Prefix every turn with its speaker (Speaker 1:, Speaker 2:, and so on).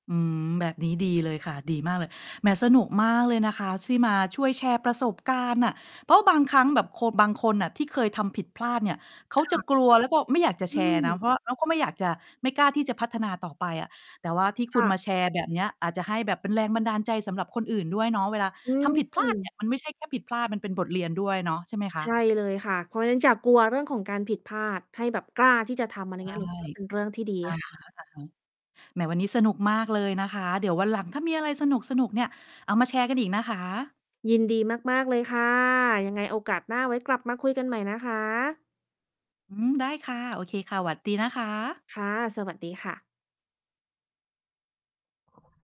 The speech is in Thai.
Speaker 1: อืม แบบนี้ดีเลยค่ะ ดีมากเลย แหม สนุกมากเลยนะคะ ที่มาช่วยแชร์ประสบการณ์น่ะ เพราะว่าบางครั้งแบบโค บางคนน่ะ ที่เคยทำผิดพลาดเนี่ย เขา
Speaker 2: ค
Speaker 1: จะ
Speaker 2: ่ะ
Speaker 1: กลัวแล้วก็ไม่อยากจะ
Speaker 2: อ
Speaker 1: แช
Speaker 2: ื
Speaker 1: ร์น
Speaker 2: ม
Speaker 1: ะ เพราะว่าเขาก็ไม่อยากจะ ไม่กล้าที่จะพัฒนาต่อไปอะ แต่ว่าที่ค
Speaker 2: ค
Speaker 1: ุณ
Speaker 2: ่ะ
Speaker 1: มาแชร์แบบเนี้ย อาจจะให้แบบเป็นแรงบันดาลใจสำหรับคนอื่นด้วยเนาะ เวลา
Speaker 2: อื
Speaker 1: ทำผิดพลาดเนี่
Speaker 2: ม
Speaker 1: ย มันไม่ใช่แค่ผิดพลาด มันเป็นบทเรียนด้วยเนาะ ใช่ไหมค
Speaker 2: ใช
Speaker 1: ะ?
Speaker 2: ่เลยค่ะ เพราะงั้นอย่ากลัวเรื่องของการผิดพลาด ให้แบบกล้าที่จะทำ อะไร
Speaker 1: ใช
Speaker 2: เงี
Speaker 1: ่
Speaker 2: ้ย หนูคิดว่า เป็นเรื่องที่ดี
Speaker 1: อะ
Speaker 2: ค่
Speaker 1: ฮ
Speaker 2: ะ
Speaker 1: ะ ๆ แหม วันนี้สนุกมากเลยนะคะ เดี๋ยววันหลังถ้ามีอะไรสนุก ๆ เนี่ย เอามาแชร์กันอีกนะคะ
Speaker 2: ยินดีมาก ๆ เลยค่ะ ยังไงโอกาสหน้าไว้กลับมาคุยกันใหม่นะคะ
Speaker 1: อืม ได้ค่ะ โอเคค่ะ สวัสดีนะคะ
Speaker 2: ค่ะ สวัสดีค่ะ